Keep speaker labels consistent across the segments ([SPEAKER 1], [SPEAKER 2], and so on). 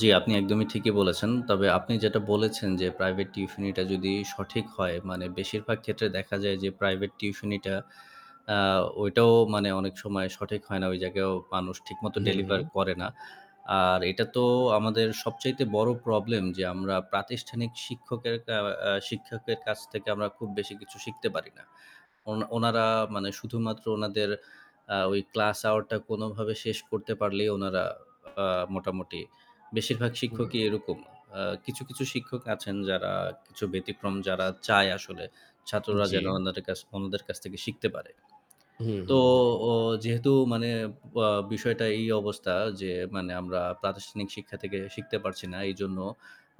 [SPEAKER 1] জি আপনি একদমই ঠিকই বলেছেন তবে আপনি যেটা বলেছেন যে প্রাইভেট টিউশানিটা যদি সঠিক হয় মানে বেশিরভাগ ক্ষেত্রে দেখা যায় যে প্রাইভেট টিউশানিটা আ ওইটাও মানে অনেক সময় সঠিক হয় না ওই জায়গায়ও মানুষ ঠিকমতো
[SPEAKER 2] হু,
[SPEAKER 1] ডেলিভার
[SPEAKER 2] হু।
[SPEAKER 1] করে না। আর এটা তো আমাদের সবচাইতে বড়ো প্রবলেম যে আমরা প্রাতিষ্ঠানিক শিক্ষকের আ শিক্ষকের কাছ থেকে আমরা খুব বেশি কিছু শিখতে পারি না। অন ওনারা মানে শুধুমাত্র ওনাদের আ ওই ক্লাস আওয়ারটা কোনোভাবে শেষ করতে পারলেই, ওনারা আ মোটামুটি বেশিরভাগ
[SPEAKER 2] হু।
[SPEAKER 1] শিক্ষকই এরকম। আ কিছু, কিছু শিক্ষক আছেন যারা কিছু ব্যতিক্রম যারা চায় আসলে ছাত্ররা যেন
[SPEAKER 2] জ্বি।
[SPEAKER 1] অন্য অন্যদের কাছ থেকে শিখতে পারে।
[SPEAKER 2] হু, হু।
[SPEAKER 1] তো
[SPEAKER 2] হু।
[SPEAKER 1] ও যেহেতু মানে বা বিষয়টা এই অবস্থা যে মানে আমরা প্রাতিষ্ঠানিক শিক্ষা থেকে শিখতে পারছি না। এইজন্য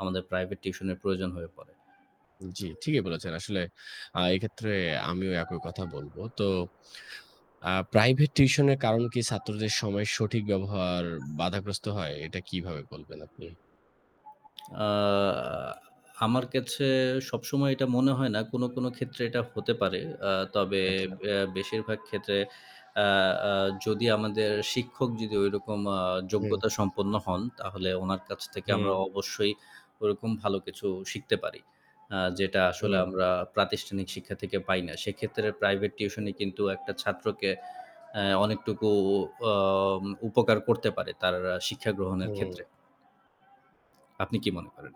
[SPEAKER 1] আমাদের প্রাইভেট টিউশনের প্রয়োজন হয়ে পড়ে।
[SPEAKER 2] জ্বী, ঠিকই বলেছেন। আসলে আ এক্ষেত্রে আমিও একই কথা বলবো। তো আ প্রাইভেট টিউশনের কারণ কি ছাত্রদের সময়ের সঠিক ব্যবহার বাধাগ্রস্ত হয় এটা কীভাবে বলবেন আপনি?
[SPEAKER 1] আ আমার কাছে সবসময় এটা মনে হয় না কোনো, কোনো ক্ষেত্রে এটা হতে পারে। আ তবে
[SPEAKER 2] আচ্ছা।
[SPEAKER 1] আ বেশিরভাগ ক্ষেত্রে আ আ যদি আমাদের শিক্ষক যদি ওইরকম আ
[SPEAKER 2] হু।
[SPEAKER 1] যোগ্যতা সম্পন্ন হন তাহলে ওনার কাছ থেকে আমরা
[SPEAKER 2] হু।
[SPEAKER 1] অবশ্যই ওরকম ভালো কিছু শিখতে পারি। আ যেটা আসলে
[SPEAKER 2] হু।
[SPEAKER 1] আমরা প্রাতিষ্ঠানিক শিক্ষা থেকে পাই না, সেক্ষেত্রে প্রাইভেট টিউশনি কিন্তু একটা ছাত্রকে আ অনেকটুকু আ উপকার করতে পারে তার শিক্ষা গ্রহণের ক্ষেত্রে
[SPEAKER 2] হু।
[SPEAKER 1] আপনি কি মনে করেন?